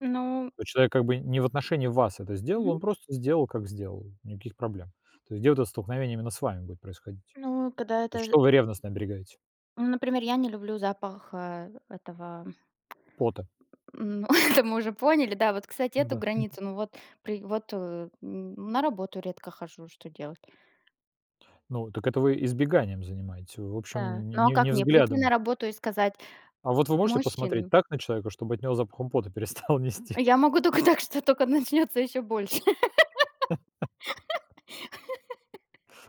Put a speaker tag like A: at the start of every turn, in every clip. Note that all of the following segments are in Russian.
A: Ну
B: Ну, человек как бы не в отношении вас это сделал,
A: Мгм.
B: он просто сделал, как сделал, никаких проблем. То есть где вот это столкновение именно с вами будет происходить,
A: Ну, когда
B: то есть
A: это з
B: что вы ревностно оберегаете?
A: Ну, например, я не люблю запах, а, этого,
B: Пота.
A: м Это мы уже поняли, да. Вот, кстати, эту
B: Да, мгм.
A: границу, ну вот при вот, э, м, на работу редко хожу, что делать?
B: Ну так это вы избеганием занимаетесь, вы в
A: Да.
B: общем, не
A: Ну а
B: не
A: как,
B: не
A: мне прийти на
B: взглядом.
A: работу и сказать:
B: А вот вы можете
A: "Мужчины"
B: посмотреть так на человека, чтобы от него запахом пота перестало
A: А
B: нести?
A: я могу тока так, что тока начнётся ещё больше.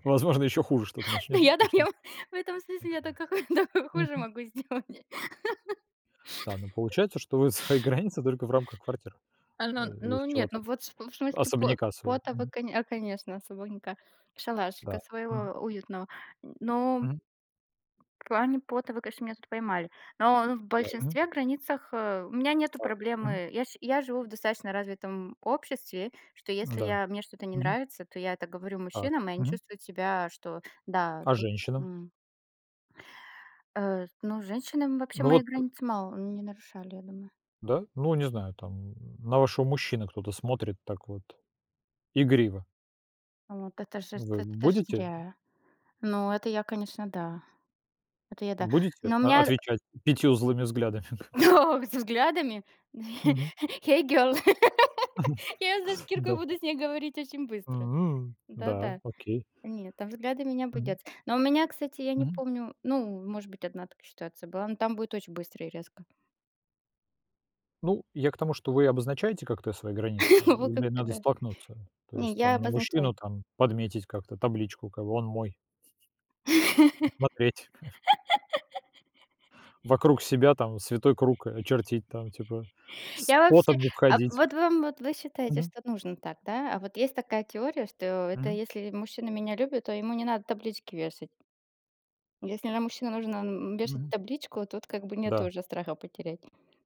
B: Возможно, еще хуже что-то
A: Ну
B: начнется,
A: я
B: так
A: так
B: что
A: я, м, в этом смысле, я тока ху тока хуже
B: Мгм.
A: могу сделать.
B: Да, ну, получается, что вы свои границы только в рамках квартиры,
A: А,
B: э,
A: ну
B: или уж
A: ну
B: чего
A: нет, ну,
B: там,
A: вот в см в смысле, пот
B: особняка своего.
A: пото вы
B: Мгм.
A: коне а, конечно, свободненько,
B: Да.
A: шалашика
B: Мгм.
A: своего уютного. Но,
B: Мгм.
A: в плане пота вы, конечно, меня тут поймали. Но но в
B: Мгм.
A: большинстве границах, а, у меня нету
B: Так. Мгм.
A: проблемы. Я ш я живу в достаточно развитом обществе, что если
B: Да.
A: я мне что-то не
B: Мгм.
A: нравится, то я это говорю
B: Так.
A: мужчинам, и они
B: Мгм.
A: чувствуют себя, что, да,
B: А
A: тут
B: женщинам?
A: м А с ну, женщины вообще
B: Ну
A: мои
B: вот
A: границы мало не нарушали, я думаю.
B: Да? Ну, не знаю, там, на вашего мужчину кто-то смотрит так вот игриво.
A: А вот это же ж
B: Вы
A: т эт это ж
B: будете
A: зря. Ну, это я, конечно, да. Это я, да.
B: будете,
A: Но у
B: о
A: меня
B: отвечать 5 злыми взглядами?
A: Со взглядами?
B: Мгм.
A: Hey, girl, я ее за шкирку и
B: Да.
A: буду с ней говорить очень быстро.
B: М. Да,
A: Да-да.
B: окей.
A: Нет, там взглядами не
B: Мгм.
A: обойдется. Но у меня, кстати, я не
B: Мгм.
A: помню Ну, может быть, 1 такая ситуация была, но там будет очень быстро и резко.
B: Ну, я к тому, что вы обозначаете как-то свои границы
A: Во как
B: или
A: бы
B: надо
A: да.
B: столкнуться? То
A: Не,
B: есть
A: я
B: там на
A: обозначаю.
B: мужчину, там, подметить как-то табличку, как бы "он мой, не смотреть!" Вокруг себя там святой круг, а, очертить, там, типа: "С
A: Я вообще
B: потом не
A: А,
B: входить!"
A: вот вам вот вы считаете,
B: Мгм.
A: что нужно так, да? А вот есть такая теория, что это
B: Мгм.
A: если ли мужчина меня любит, то ему не надо таблички вешать. Если на мужчину нужно, м, вешать
B: Мгм.
A: табличку, тут как бы нету
B: Да.
A: уже страха потерять.